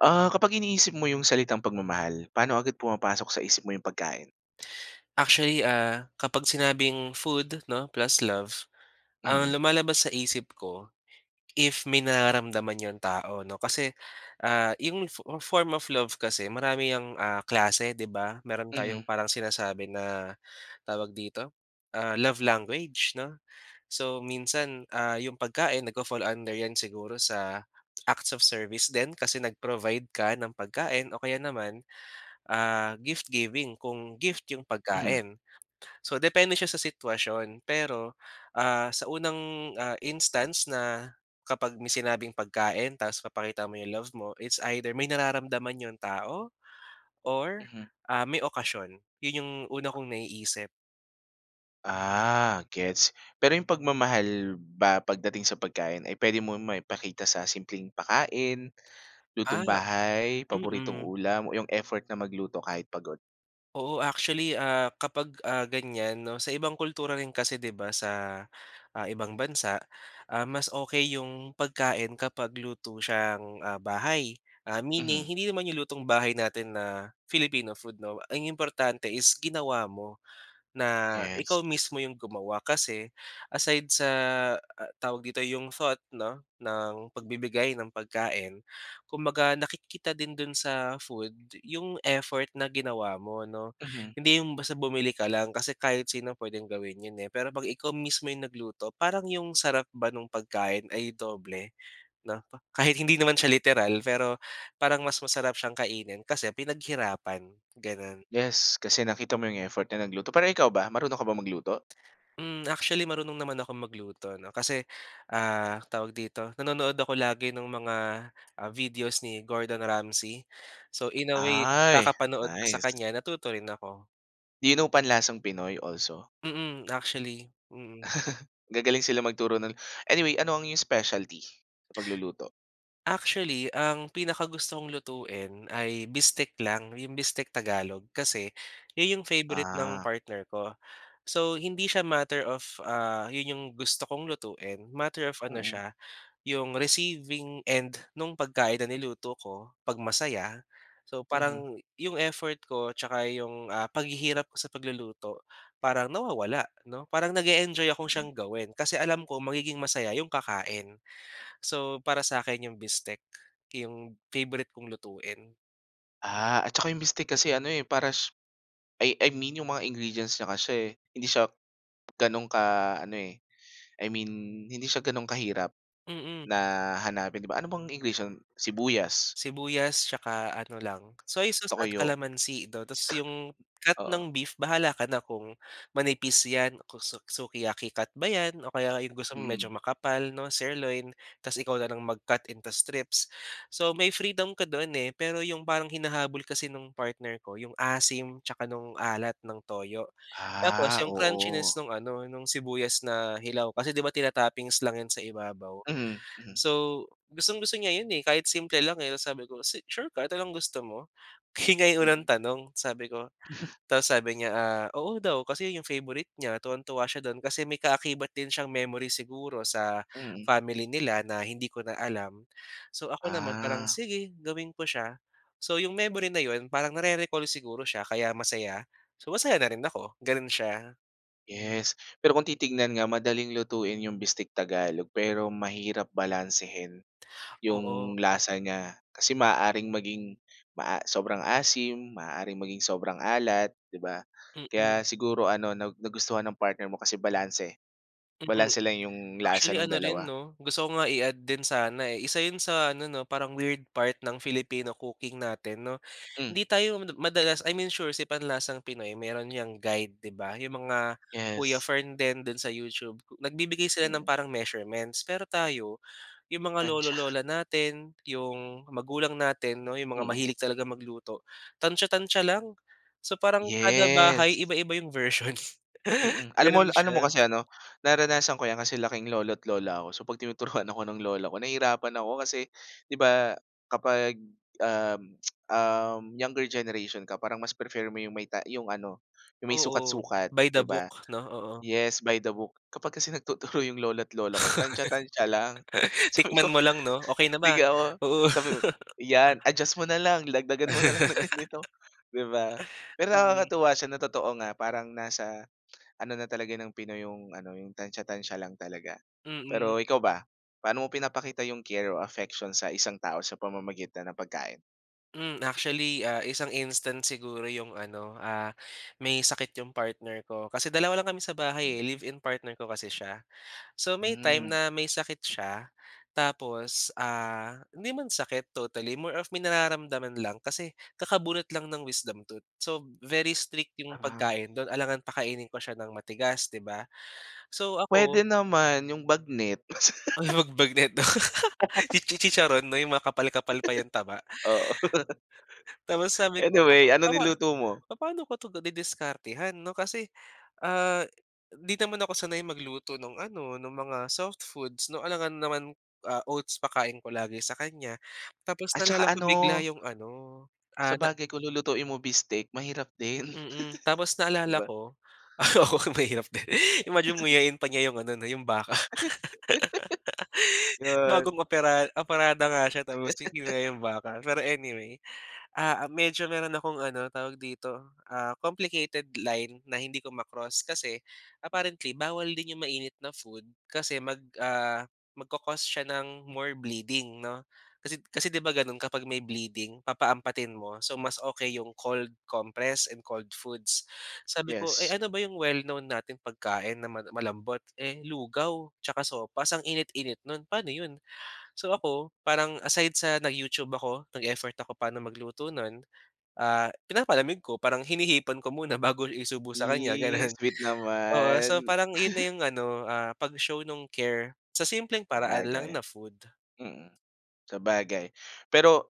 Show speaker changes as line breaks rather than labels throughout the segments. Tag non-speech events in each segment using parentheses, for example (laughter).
Ah, kapag iniisip mo yung salitang pagmamahal. Paano agad pumapasok sa isip mo yung pagkain?
Actually, ah, kapag sinabing food 'no plus love, ang
Mm.
lumalabas sa isip ko if may nararamdaman yung tao 'no kasi, ah, yung fo form of love kasi marami yang, ah, klase, di ba? Meron tayong
Mhm.
parang sinasabi na tawag dito, ah, love language 'no. So, minsan, ah, yung pagkain nagfa-fall under yan siguro sa, acts of service din kasi nag-provide ka ng pagkain o kaya naman, ah, gift giving kung gift yung
Mhm.
pagkain. So, depende siya sa sitwasyon pero, ah, sa unang, ah, instance na kapag may sinabing pagkain tapos papakita mo yung love mo. It's either may nararamdaman yung tao or,
Mhm.
ah, may okasyon yun yung una kong naiisip.
Ah, gets. Pero yung pagmamahal ba pagdating sa pagkain ay pwede mong maipakita sa simpleng pakain,
Ah,
lutong bahay paboritong
mm.
ulam, o yung effort na magluto kahit pagod?
Oo actually, ah, kapag, ah, ganyan 'no sa ibang kultura rin kasi, di ba? Sa, ah, ibang bansa, um, mas okey yung pagkain kapag luto siyang, ah, bahay, ah, meaning
Mhm.
hindi naman yung lutong bahay natin na Filipino food 'no. Ang importante is ginawa mo, na
Yes.
ikaw mismo yung gumawa kasi aside sa, ah, tawag dito yung thought 'no ng pagbibigay ng pagkain. Kumbaga nakikita din dun sa food yung effort na ginawa mo no,
Mhm.
hindi yung basta bumili ka lang kasi kahit sino pwedeng gawin yun, eh. Pero pag ikaw mismo yung nagluto parang yung sarap ba nung pagkain ay doble 'no pa kahit hindi naman siya literal pero parang mas masarap siyang kainin kasi pinaghirapan ganun.
Yes, kasi nakita mo yung effort na nagluto. Pera ikaw ba, marunong ka bang magluto?
Um, actually marunong naman akong magluto 'no kasi, ah, tawag dito nanonood ako lagi ng mga, ah, videos ni Gordon Ramsey, so, in a way
Ay,
kakapanood sa
nice.
kanya natuto rin ako.
Do you know panlasang Pinoy also?
Mm, actually, mm.
(laughs) Gagaling sila magturo, 'no? Anyway, ano ang iyong specialty? Pagluluto?
Actually ang pinakagusto kong lutuin ay bistek lang, 'yong bistek Tagalog kasi 'yon 'yong favorite ng
Ah.
partner ko. So, hindi siya matter of, ah, 'yon 'yong gusto kong lutuin matter of ano
Mm.
siya, 'yong receiving and nung pagkain na niluto ko 'pag masaya. So,
Mhm.
parang 'yong effort ko tsaka 'yong, ah, paghihirap ko sa pagluluto parang nawawala, 'no, parang nag-e-enjoy akong siyang gawin, kasi alam ko magiging masaya 'yong kakain. So, para sakin yung bistek yung favorite kong lutuin.
Ah, at saka 'yong bistek kasi ano eh, parash I I mean 'yong mga ingredients niya kasi hindi siya gano'n ka ano, eh, I mean hindi siya gano'n kahirap
Mm.
na hanapin 'di ba, ano bang ingredients, sibuyas
Sibuyas tsaka ano lang, soy sauce at
toyo.
kalamansi 'no tapos 'yong cut
Oo.
ng beef bahala ka na kung manipis yan, kung su sukiyaki cut ba 'yan o kaya 'yong gusto mong
Mm.
medyo makapal, 'no, sirloin tapos ikaw na lang mag-cut into strips. So, may freedom ka do'n eh, pero 'yong parang hinahabol kasi no'ng partner ko 'yong asim tsaka nung alat ng toyo, tapos
Ah,
'yong crunchiness
oo.
no'ng ano, no'ng sibuyas na hilaw kasi, 'di ba, tinatoppings lang 'yan sa ibabaw.
Mhm, mhm.
So, gustong-gusto niya 'yon eh, kahit simple lang, eh, tapos sabi ko, "Si sure ka, ito lang gusto mo?" (unintelligible)
Mm.
tanong sabi ko. Tapos sabi niya, ah, oo daw kasi 'yon 'yong favorite niya tuwang-tuwa siya do'n kasi may kaakibat din siyang memory siguro sa
Mm.
family nila na hindi ko na alam. So, ako naman parang
Ah.
sige gawin ko siya. So. 'yong memory na 'yon, parang nare-recall siguro siya kaya masaya. So, masaya na rin ako, gano'n siya.
Yes, pero kung titignan nga madaling lutuin 'yong Bistek Tagalog pero mahirap balansehin 'yong
Oo.
lasa niya kasi maaaring maging maa sobrang asim, maaaring maging sobrang alat, 'di ba. Kaya
Mm.
siguro ano nag nagustuhan ng partner mo kasi balanse,
Mm.
balanse lang 'yong lasa
Actually
ng
ano rin
dalawa.
'no, gusto ko nga i-add din sana eh, isa 'yon sa ano 'no, parang weird part ng Filipino cooking natin, 'no.
Hmm.
Hindi tayo madalas, I mean sure si Panlasang Pinoy mayroon ‘yang guide 'di ba, 'yong mga Kuya
Yes.
Fern din do'n sa YouTube, nagbibigay sila ng
Mm.
parang measurements. Pero tayo, 'yong mga
Tantya.
lolo-lola natin, ‘yong magulang natin 'no, 'yong mga
Mm.
mahilig talagang magluto, tantya-tantya lang. So parang kada
Yes.
bahay iba-iba 'yong version.
Mm. Alam mo
Gano'n
alam mo
siya.
kasi ano, naranasan ko 'yan kasi laking lolo't lola ako. So 'pag tinuturuan ako ng lola ko, nahirapan ako kasi, 'di ba, kapag um, (clicks tongue) uhm, younger generation ka, parang mas prefer mo 'yong may ta 'yong ano 'yong may
Oo,
sukat-sukat,
by the
‘di ba?
book, ‘no, oo.
Yes, by the book. Kapag kasi nagtuturo 'yong lola't lola ko, tantya-tantya lang.
(laughs)
Sabi
Tikman
ko,
mo lang ‘no, "Okey na
'di
ma?
ako
Oo."
sabi ko ‘yan adjust mo na lang, dagdagan mo na lang ng ganito 'di ba?
(laughs)
Pero
Mm.
nakakatuwa siya, na totoo nga, parang nasa ano na talaga ng pinoy yung ano, yung tantya-tantya lang talaga.
Mm.
Pero ikaw ba, paano mo pinapakita yung care o affection sa isang tao sa pamamagitan ng pagkain?
Hmm, actually, ah, isang instance siguro 'yong ano, ah, may sakit 'yong partner ko, kasi dalawa lang kami sa bahay,
Mm.
eh, live-in partner ko kasi siya. So may time
Hmm.
na may sakit siya. Tapos, ah, hindi man sakit totally more of may nararamdaman lang kasi kakabunot lang ng wisdom tooth. So, very strict 'yong
Ah.
pagkain do'n alangang pakainin ko siya ng matigas 'di ba? So
Puwede
ako
naman yung bagnet.
Uy, 'wag bagnet (laughs) chi-chi chicharon 'no, yung makapal-kapal pa yung taba.
(laughs) Oo. (gasps)
(gasps) Tapos, sabi ko
Anyway, ano
papa
niluto mo?
papaano ko to didiskartehan 'no, kasi, ah, di naman ako sanay magluto nung ano, nung mga soft foods 'no, alangan naman ah, oats pakain ko lagi sa kanya tapos
At 'tsaka
naalala ko bigla
ano
yung ano, ah, na
Sabagay kung lulutuin mo beefstake mahirap din,
Mm, tapos
(chuckles) 'di
naalala
ba?
ko. Oo, mahirap din. Imagine mo
(chuckles)
nguyain pa niya 'yong ano, 'yong baka. (laughs)
(laughs) Yun.
Bagong opera operada nga siya tapos
(laughs)
ngunguya ng baka. Pero anyway, ah, medyo meron akong ano tawag dito, ah, complicated line na hindi ko ma-cross. Kasi apparently bawal din yung mainit na food kasi mag ah, magco-cause siya ng more bleeding, 'no? Kasi, kasi 'di ba ganun kapag may bleeding papaampatin mo. So mas okey 'yong cold compress and cold foods. Sabi ko, eh,
Yes.
"Ano ba yung well known nating pagkain na mala malambot?" Eh, lugaw 'tsaka sopas, ang init-init nun paano yun? So, ako parang aside sa nag-YouTube ako, nag-effort ako paano magluto nun, ah, pinapalamig ko parang hinihipan ko muna bago isubo sa kanya
Yes,
ganun.
sweet
Oo, so
naman.
parang yun na
(chuckles)
yung ano, ah, pag-show nung care, sa simpleng paraan lang
Sabagay.
na food.
Mm. Sabagay. Pero,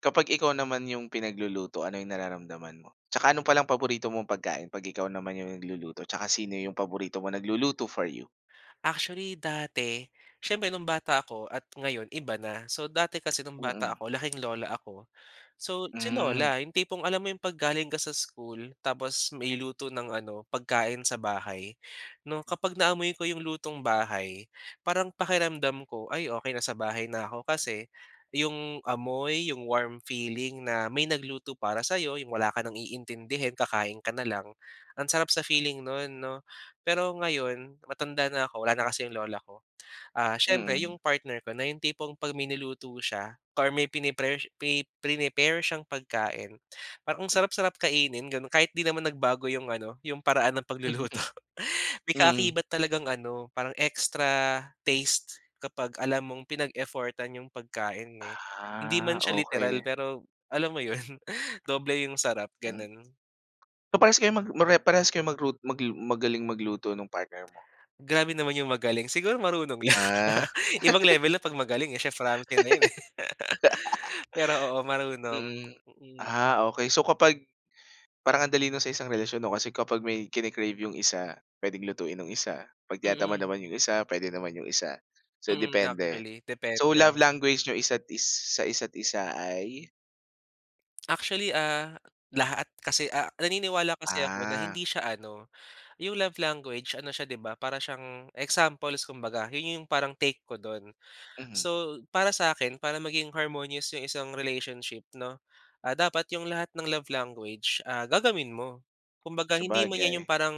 kapag ikaw naman yung pinagluluto ano yung nararamdaman mo? 'Tsaka ano palang paborito mong pagkain 'pag ikaw naman yung nagluluto 'tsaka sino yung paborito mo nagluluto for you?
Actually dati, siyempre no'ng bata ako at ngayon iba na. So, dati kasi noong bata
Mm.
ako laking lola ako. So, si
Hmm.
lola 'yong tipong alam mo 'yong 'pag galing ka sa school tapos may luto ng ano pagkain sa bahay, no'ng kapag naamoy ko 'yong lutong bahay, parang pakiramdam ko "Ay, okey na sa bahay na ako" kasi 'yong amoy, 'yong warm feeling na may nagluto para sa 'yo 'yong wala ka nang iintindihin kakain ka na lang, ang sarap sa feeling no'n 'no. Pero ngayon matanda na ako wala na kasi 'yong lola ko. Ah, siyempre
Mm.
'yong partner ko na 'yong tipong 'pag may niluto siya or may pini-pare pe preni-pare siyang pagkain, parang ang sarap-sarap kainin gano'n kahit 'di naman nagbago 'yong ano 'yong paraan ng pagluluto.
(chuckles)
May
Mm.
kaakibat talagang ano parang extra taste kapag alam mong pinag-effortan 'yong pagkain, eh. Hindi man
Ah,
siya literal
okey.
pero alam mo 'yon, doble 'yong sarap
Mm.
gano'n.
Paparehas kayo mag pare parehas kayo maglu mag magaling magluto ng partner mo?
Grabe naman yung magaling siguro marunong lang.
Ah. (laughs)
Ibang level na 'pag magaling eh. Chef Ramsey na yun, eh. (laughs) Pero, oo marunong,
Mm.
mm.
Ah okey. So kapag parang ang dali na sa isang relasyon o kasi kapag may kine-crave 'yong isa, puwedeng lutuin 'nong isa, 'pag tinatamad
Mm.
naman 'yong isa, puwede naman 'yong isa. So
Mm,
depende.
actually
So, love
depende.
language n'yong isa't isa, sa isa't isa ay?
Actually, ah, lahat kasi ah, naniniwala kasi ako na
Ah.
hindi siya ano yung love language ano siya di ba para siyang examples kumbaga yun yung parang take ko dun.
Mhm.
So, para sa akin para maging harmonious yung isang relationship 'no, ah, dapat yung lahat ng love language ah, gagawin mo. Kumbaga hindi man yan yung,
Sabagay.
ah, parang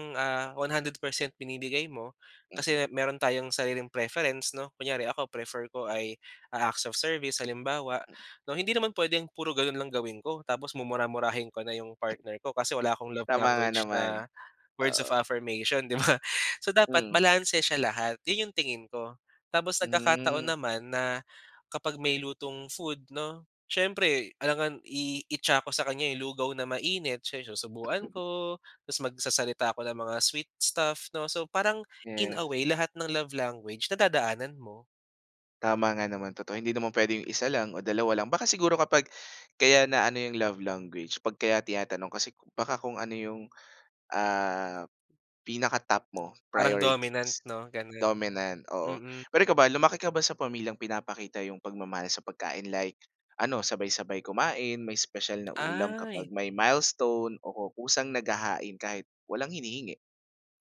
100% binibigay mo,
Mm.
kasi meron tayong sariling preference 'no. Kunyari ako prefer ko ay acts of service halimbawa,
Hmm.
no. Hindi naman puwedeng puro ganun lang gawin ko tapos mumura-murahin ko na yung partner ko kasi wala akong love
Tama nga
language
naman.
na words of
Oo.
affirmation 'di ba? So dapat
Hmm.
balanse siya lahat, yun yung tingin ko. Tapos nagkakataon
Hmm.
naman na, kapag may lutong food no, siyempre alangan iitsa ko sa kanya yung lugaw na mainit, siya yung isusubuan ko, tas magsasalita ako ng mga sweet stuff no. So parang, in
Yes.
away lahat ng love language nadadaanan mo.
Tama nga naman, totoo hindi naman puwedeng yung 1 lang o 2 lang. Baka siguro kapag, kaya na ano yung love language 'pag kaya tinatanong kasi baka kung ano yung, ah, pinaka-top mo.
Parang dominant
Priorities,
no, ganon.
dominant, oo.
Mm.
Pero ikaw ba lumaki ka ba sa pamilyang pinapakita yung pagmamahal sa pagkain, like ano sabay-sabay kumain, may special na ulam kapag
Ay.
may milestone, o o kusang naghahain kahit walang hinihingi?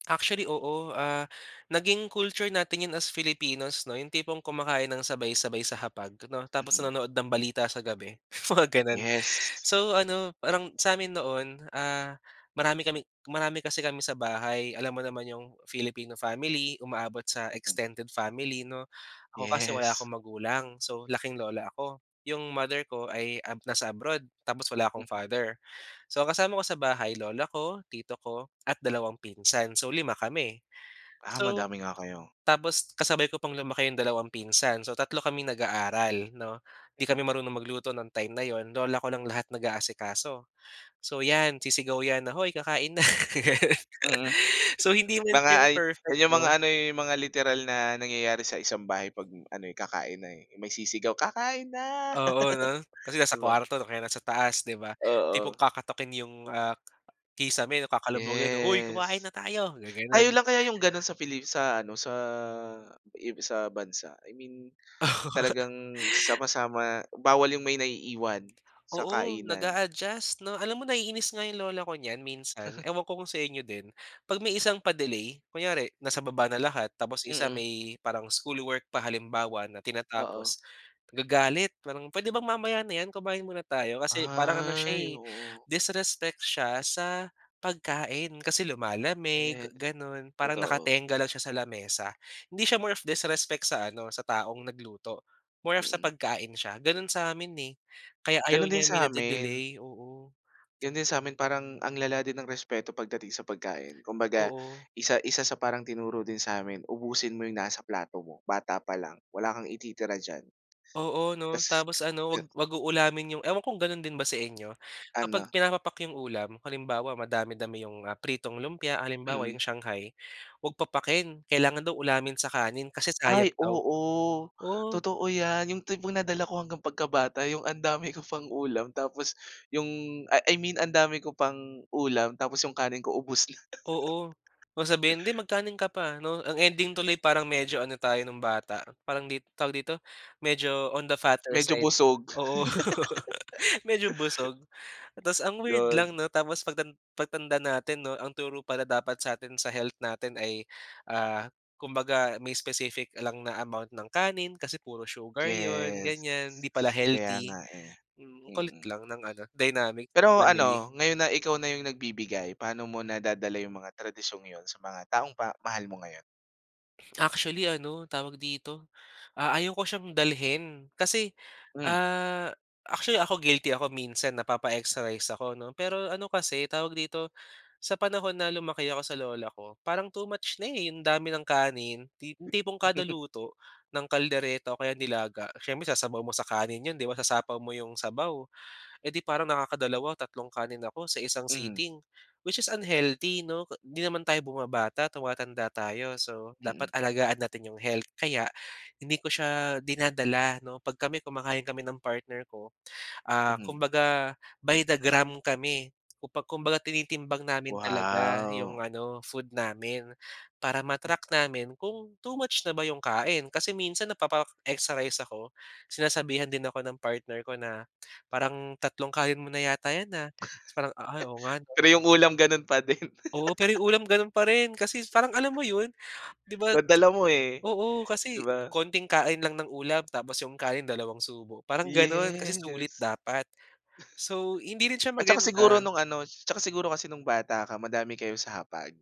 Actually, oo. Ah, naging culture natin yun as Filipinos, 'no? Yung tipong kumakain ng sabay-sabay sa hapag, 'no? Tapos
Mm.
nanonood ng balita sa gabi, mga gano'n.
Yes.
So, ano, parang sa'min noon, ah, marami kami marami kasi kami sa bahay. Alam mo naman yung Filipino family, umaabot sa
Mm.
extended family, 'no? Ako kasi wala
Yes.
akong magulang. So, laking lola ako. Yung mother ko ay ab nasa abroad, tapos wala akong
Mm.
father. So, ang kasama ko sa bahay, lola ko, tito ko at dalawang pinsan. So, 5 kami.
Ah,
So,
madami nga kayo.
tapos kasabay ko pang lumaki yung dalawang pinsan. So, 3 kaming nag-aaral, 'no? 'Di kami marunong magluto no'ng time na 'yon. Lola ko lang lahat nag-aasikaso. So 'yan, sisigaw yan na, "Hoy, kakain na!" Gano'n.
Mm.
So, hindi man
Mga
siya yung
ay
perfect,
yan yung mga
'no?
ano eh, mga literal na nangyayari sa isang bahay 'pag ano eh, kakain na eh. May sisigaw, "Kakain na!"
Oo 'no. Kasi
(laughs)
nasa
'Di ba?
kuwarto o kaya nasa taas, 'di ba? Tipong
Oo.
kakatukin yung, ah, kisame, 'no, kakalabugin, 'no, "Hoy, kumain
Yes.
na tayo!"
Tayo
Gagano'n.
lang kaya yung gano'n sa Pili sa ano, sa ib sa bansa. I mean talagang
(laughs)
sama-sama bawal yung may naiiwan sa
Oo.
kainan.
Nag-a-adjust, 'no? Alam mo, naiinis nga yung lola ko niyan minsan.
(chuckles)
Ewan ko kung sa inyo din. 'Pag may isang pa-delay. Kunyari nasa baba na lahat tapos yung isa
Mm.
may parang schoolwork pa, halimbawa, na
Oo.
tinatapos, nagagalit. Parang, "Puwede bang mamaya na 'yan? Kumain muna tayo." Kasi parang ano siya
Ay,
eh,
oo.
disrespect siya sa pagkain, kasi lumalamig,
Yes.
gano'n. Parang
Totoo.
nakatengga lang siya sa lamesa. Hindi siya more of disrespect sa ano, sa taong nagluto, more of sa
Mm.
pagkain siya. Gano'n sa amin eh, kaya ayaw
Gano'n din
niya may
sa amin.
nade-delay. Oo.
Yun din sa amin parang ang lala din ng respeto pagdating sa pagkain. Kumbaga,
Oo.
isa isa sa parang tinuro din sa'min, ubusin mo yung nasa plato mo, bata pa lang. Wala kang ititira diyan.
Oo 'no.
Tas
Tapos ano, 'wag
(unintelligible)
'wag uulamin yung ewan ko kung gano'n din ba sa inyo. Kapag
Ano?
pinapapak yung ulam. Halimbawa, madami-dami yung, ah, pritong lumpia, halimbawa
Mm.
yung Shanghai, huwag papakin. Kailangan daw ulamin sa kanin kasi
Ay,
sayang daw.
oo.
Oo.
Totoo 'yan. Yung tipong nadala ko hanggang pagkabata, yung ang dami ko pang ulam tapos yung, ah, I mean ang dami ko pang ulam tapos yung kanin ko ubos na.
Oo.
(laughs)
Kung sabihin, "'Di, magkanin ka pa," 'no. Ang ending tuloy parang medyo ano tayo no'ng bata, parang lit tawag dito, medyo on the fatter
Medyo
side.
busog.
Oo. (laughs)
(laughs)
Medyo busog. Tas ang weird
Yun.
lang 'no, tapos pagtan pagtanda natin 'no, ang turo pala dapat sa atin, sa health natin ay, ah, kumbaga may specific lang na amount ng kanin kasi puro sugar 'yon,
Yes.
ganyan. 'Di pala
Kaya
healthy.
nga eh.
Hmm, ang kulit
Mm.
lang ng ano, dynamic
Pero
family.
ano, ngayon na ikaw na yung nagbibigay, paano mo nadadala yung mga tradisyong yun sa mga taong ba mahal mo ngayon?
Actually ano tawag dito, ah, ayaw ko siyang dalhin kasi
Hmm.
ah, actually ako guilty ako minsan napapa-extra rice ako, 'no. Pero ano kasi tawag dito, sa panahon na lumaki ako sa lola ko, parang too much na eh, 'yong dami ng kanin tipo 'yong tipong kada
(chuckles)
luto ng kaldereta o kaya nilaga, siyempre sasabaw mo sa kanin 'yon, 'di ba, sasapaw mo 'yong sabaw. Eh di parang nakakadalawa o tatlong kanin ako sa isang
Mhm.
sitting. Which is unhealthy 'no, di naman tayo bumabata, tumatanda tayo. So dapat
Mm.
alagaan natin yung health kaya, hindi ko siya dinadala 'no. 'Pag kami kumakain kami ng partner ko, ah,
Mhm.
kumbaga by the gram kami. Kumba kumbaga tinitimbang namin talaga 'yong
Wow.
ano food namin para
Hmm.
ma-track namin kung too much na ba 'yong kain. Kasi minsan napapa-extra rice ako, sinasabihan din ako ng partner ko na "Parang tatlong kanin mo na yata 'yan ah," tas parang, "Ay, oo nga
(laughs)
'no."
Pero yung ulam gano'n pa din.
Oo, pero 'yong
(laughs)
ulam gano'n pa rin, kasi parang alam mo 'yon? 'Di ba
Nadala mo eh,
oo
'di
kasi
ba?
konting kain lang ng ulam tapos 'yong kanin dalawang subo, parang gano'n, kasi sulit
Yes.
dapat. So hindi rin siya
At saka siguro
maganda.
no'ng ano 'tsaka siguro kasi nung bata ka madami kayo sa hapag.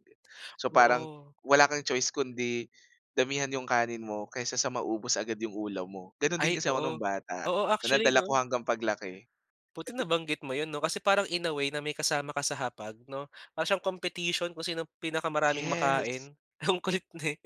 So parang
Oo.
wala kang choice kundi damihan 'yong kanin mo kaysa sa maubos agad 'yong ulam mo. Gano'n din
Ay,
kasi ako no'ng
oo.
bata,
Oo,
na
actually
nadala ako
'no?
hanggang paglaki.
Buti nabanggit mo, 'yon 'no, kasi parang in a way na may kasama ka sa hapag 'no, para siyang competition kung sinong pinakamaraming
Yes.
makain. Ang kulit eh.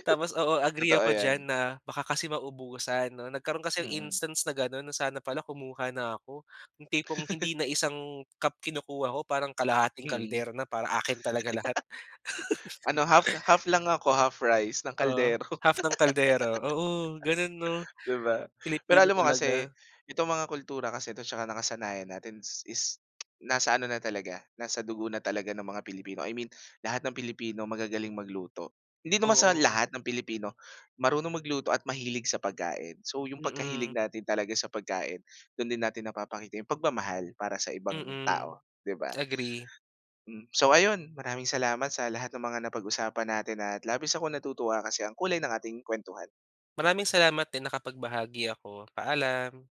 Tapos oo, agree
Totoo
ako diyan
yan.
na baka kasi maubusan, 'no. Nagkaroon kasi
Mm.
instance na gano'n na sana pala kumuha na ako, 'yong tipong hindi
(laughs)
na isang cup kinukuha ko parang kalahating
Mm.
kaldero na para akin talaga lahat.
(laughs) Ano half half lang
(laughs)
ako, half rice, ng
Oo.
kaldero.
Half ng kaldero. Oo gano'n, 'no?
(laughs) Di ba? Pero
Filipino
alam mo kasi,
talaga.
itong mga kultura kasi 'to tsaka nakasanayan natin is (clicks tongue) nasa ano na talaga, nasa dugo na talaga ng mga Pilipino, I mean lahat ng Pilipino magagaling magluto. Hindi naman sa lahat
Oo.
ng Pilipino marunong magluto at mahilig sa pagkain. So yung pagkahilig
Mm.
natin talaga sa pagkain, dun din natin napapakita yung pagmamahal para sa ibang
Mm.
tao, 'di ba?
Agree.
Hmm, so ayun, maraming salamat sa lahat ng mga napag-usapan natin at labis akong natutuwa kasi ang kulay ng ating kuwentuhan.
Maraming salamat din nakapagbahagi ako, paalam.